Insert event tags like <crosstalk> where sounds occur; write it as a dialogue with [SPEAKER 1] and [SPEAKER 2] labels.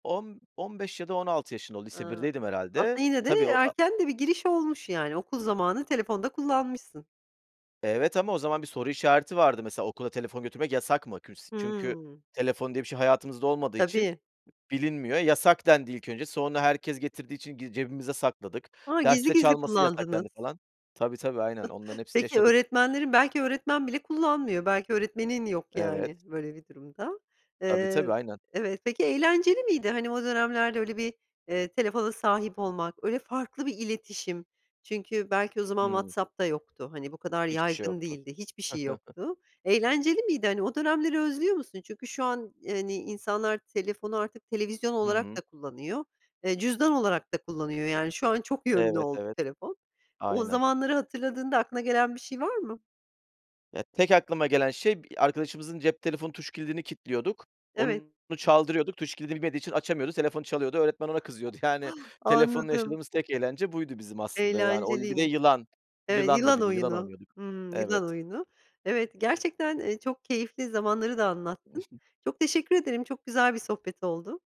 [SPEAKER 1] 10-15 ya da 16 yaşında o lise
[SPEAKER 2] Iıı,
[SPEAKER 1] birdeydim
[SPEAKER 2] aslında
[SPEAKER 1] herhâlde.
[SPEAKER 2] yine de
[SPEAKER 1] Tabii o a
[SPEAKER 2] erken de bir giriş olmuş, yani, okul zamanı telefon da kullanmışsın.
[SPEAKER 1] Evet ama o zaman bir soru işareti vardı mesela okula telefon götürmek yasak mı? Küls çünkü
[SPEAKER 2] Hımm.
[SPEAKER 1] telefon diye bir şey hayatımızda olmadığı için,
[SPEAKER 2] Tabii.
[SPEAKER 1] bilinmiyor. Yasak dendi ilk önce sonra herkes getirdiği için gi cebimize sakladık.
[SPEAKER 2] Ha, gizli
[SPEAKER 1] Derste
[SPEAKER 2] gizli
[SPEAKER 1] çalması yasak
[SPEAKER 2] kullandınız.
[SPEAKER 1] dendi falan. Tabii, tabii, aynen onların
[SPEAKER 2] <chuckles>
[SPEAKER 1] hepsini
[SPEAKER 2] Peki
[SPEAKER 1] yaşadık.
[SPEAKER 2] öğretmenlerin, belki öğretmen bile kullanmıyor, belki öğretmenin yok,
[SPEAKER 1] Evet.
[SPEAKER 2] yani, böyle bir durumda.
[SPEAKER 1] Tabii,
[SPEAKER 2] Iıı,
[SPEAKER 1] tabii, aynen.
[SPEAKER 2] evet peki eğlenceli miydi? Hani o dönemlerde öyle bir, eee, telefona sahip olmak öyle farklı bir iletişim. Çünkü belki o zaman
[SPEAKER 1] Hımm.
[SPEAKER 2] WhatsApp'da yoktu. Hani, bu kadar
[SPEAKER 1] Hiçbir şey
[SPEAKER 2] yaygın
[SPEAKER 1] yoktu.
[SPEAKER 2] değildi hiçbir şey
[SPEAKER 1] <giggles>
[SPEAKER 2] yoktu, eğlenceli miydi? Hani o dönemleri özlüyor musun? Çünkü şu an, hani, insanlar telefonu artık televizyon
[SPEAKER 1] Hı
[SPEAKER 2] olarak da
[SPEAKER 1] hı.
[SPEAKER 2] kullanıyor, eee, cüzdan olarak da kullanıyor, yani, şu an çok yönlü
[SPEAKER 1] Evet,
[SPEAKER 2] oldu
[SPEAKER 1] evet.
[SPEAKER 2] telefon. O
[SPEAKER 1] Aynen.
[SPEAKER 2] zamanları hatırladığında aklına gelen bir şey var mı?
[SPEAKER 1] Ya, tek aklıma gelen şey, b arkadaşımızın cep telefonun tuş kilidini kilitliyorduk,
[SPEAKER 2] Evet.
[SPEAKER 1] onu çaldırıyorduk. Tuş kilidini bilmediği için açamıyordu. Telefonu çalıyordu, öğretmen ona kızıyordu. Yani
[SPEAKER 2] <gasps>
[SPEAKER 1] telefonla
[SPEAKER 2] Anladım.
[SPEAKER 1] yaşadığımız tek eğlence buydu bizim aslında. Yani oyun bir de
[SPEAKER 2] Eğlenceliymiş.
[SPEAKER 1] yılan,
[SPEAKER 2] Evet
[SPEAKER 1] yılandı
[SPEAKER 2] yılan
[SPEAKER 1] bir de yılan
[SPEAKER 2] oyunu,
[SPEAKER 1] oynuyorduk.
[SPEAKER 2] hımm, yılan
[SPEAKER 1] Evet.
[SPEAKER 2] oyunu. Evet, gerçekten, eee, çok keyifli zamanları da anlattın.
[SPEAKER 1] <snorts>
[SPEAKER 2] Çok teşekkür ederim, çok güzel bir sohbet oldu.